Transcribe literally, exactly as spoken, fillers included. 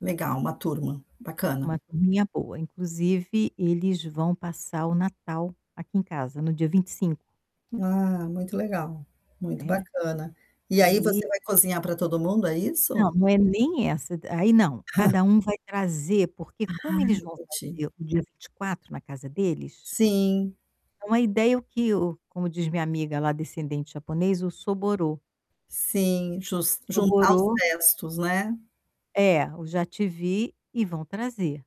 Legal, uma turma, bacana. Uma turminha boa, inclusive, eles vão passar o Natal aqui em casa, no dia vinte e cinco. Ah, muito legal, muito Né, bacana. E aí, você aí vai cozinhar pra todo mundo, é Não, isso? não é nem essa. Aí não, cada um vai trazer porque Ah, como eles vão entendi. fazer o dia vinte e quatro na casa deles Sim. é uma ideia que o como diz minha amiga lá descendente japonês, o soborō Sim, jus juntar os soborō restos, né? É, o já te vi e vão trazer.